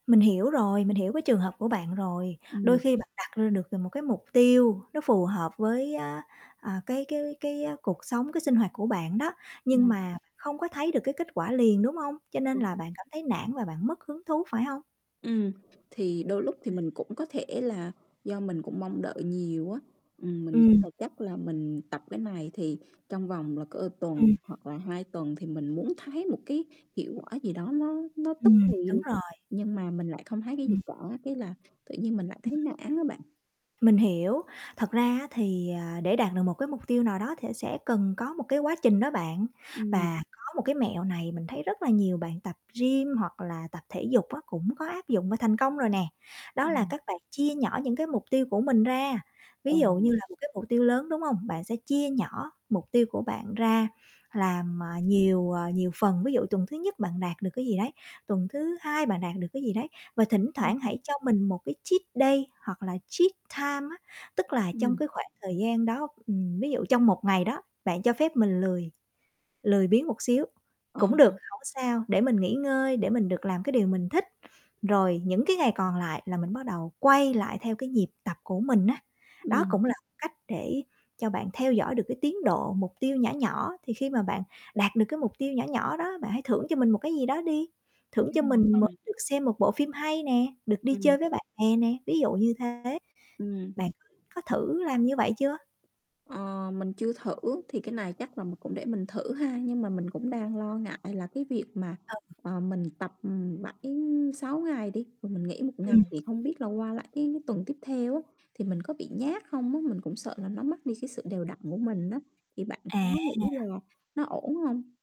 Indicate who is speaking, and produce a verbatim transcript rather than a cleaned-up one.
Speaker 1: Mình hiểu rồi, mình hiểu cái trường hợp của bạn rồi,
Speaker 2: Ừm.
Speaker 1: đôi khi bạn đặt ra được một cái mục tiêu nó phù hợp với á, à, cái cái cái cuộc sống cái sinh hoạt của bạn đó nhưng
Speaker 2: Ừm.
Speaker 1: mà không có thấy được cái kết quả liền, đúng hông? Cho nên
Speaker 2: Đúng.
Speaker 1: là bạn cảm thấy nản và bạn mất hứng thú phải hông?
Speaker 2: Ừm, thì đôi lúc thì mình cũng có thể là do mình cũng mong đợi nhiều á, ừm, mình nghĩ
Speaker 1: Ừm.
Speaker 2: là chắc là mình tập cái này thì trong vòng là cỡ tuần
Speaker 1: Ừm.
Speaker 2: hoặc là hai tuần thì mình muốn thấy một cái hiệu á, gì đó nó nó tức
Speaker 1: Ừm,
Speaker 2: thì
Speaker 1: đúng
Speaker 2: luôn,
Speaker 1: rồi.
Speaker 2: nhưng mà mình lại không thấy cái gì
Speaker 1: Ừm.
Speaker 2: cả, cái là tự nhiên mình lại thấy nản á bạn.
Speaker 1: Mình hiểu, thật ra á thì, à, để đạt được một cái mục tiêu nào đó thè sẽ cần có một cái quá trình đó bạn
Speaker 2: Ừm.
Speaker 1: và có một cái mẹo này mình thấy rất là nhiều bạn tập gym hoặc là tập thể dục á cũng có áp dụng và thành công rồi nè. Đó là
Speaker 2: Ừm.
Speaker 1: các bạn chia nhỏ những cái mục tiêu của mình ra.
Speaker 2: Ờ.
Speaker 1: Ví dụ như là một cái mục tiêu lớn, đúng hông? Bạn sẽ chia nhỏ mục tiêu của bạn ra làm, à, nhiều, ờ, nhiều phần. Ví dụ tuần thứ nhất bạn đạt được cái gì đấy, tuần thứ hai bạn đạt được cái gì đấy và thỉnh
Speaker 2: Ừm.
Speaker 1: thoảng hãy cho mình một cái treat day hoặc là treat time á. Tức là trong
Speaker 2: Ừm.
Speaker 1: cái khoảng thời gian đó, ừm, ví dụ trong một ngày đó bạn cho phép mình lười, lười biếng một xíu
Speaker 2: Ờ
Speaker 1: cũng được
Speaker 2: ha.
Speaker 1: hổng sao để mình nghỉ ngơi để mình được làm cái điều mình thích, rồi những cái ngày còn lại là mình bắt đầu quay lại theo cái nhịp tập của mình á. Đó
Speaker 2: Ừm.
Speaker 1: cũng là một cách để cho bạn theo dõi được cái tiến độ, mục tiêu nhỏ nhỏ thì khi mà bạn đạt được cái mục tiêu nhỏ nhỏ đó, bạn hãy thưởng cho mình một cái gì đó đi,
Speaker 2: Đúng
Speaker 1: thưởng cho
Speaker 2: rồi,
Speaker 1: mình m
Speaker 2: mình
Speaker 1: được xem một bộ phim hay nè, được đi
Speaker 2: Ừm.
Speaker 1: chơi với bạn bè nè, ví dụ như thế,
Speaker 2: Ừm.
Speaker 1: bạn có thử làm như vậy chưa?
Speaker 2: Ờ, mình chưa thử thì cái này chắc là mình cũng để mình thử ha, nhưng mà mình cũng đang lo ngại là cái việc mà,
Speaker 1: Ờ.
Speaker 2: ờ, mình tập, ừm, bảy sáu ngày đi, rồi mình nghỉ một ngày
Speaker 1: Ừm.
Speaker 2: thì không biết là qua lại cái tuần tiếp theo á thì mình có bị nhác không á? Mình cũng sợ là nó mất đi cái sự đều đặn của mình á, thì bạn có
Speaker 1: À.
Speaker 2: nghĩ là nó ổn hông?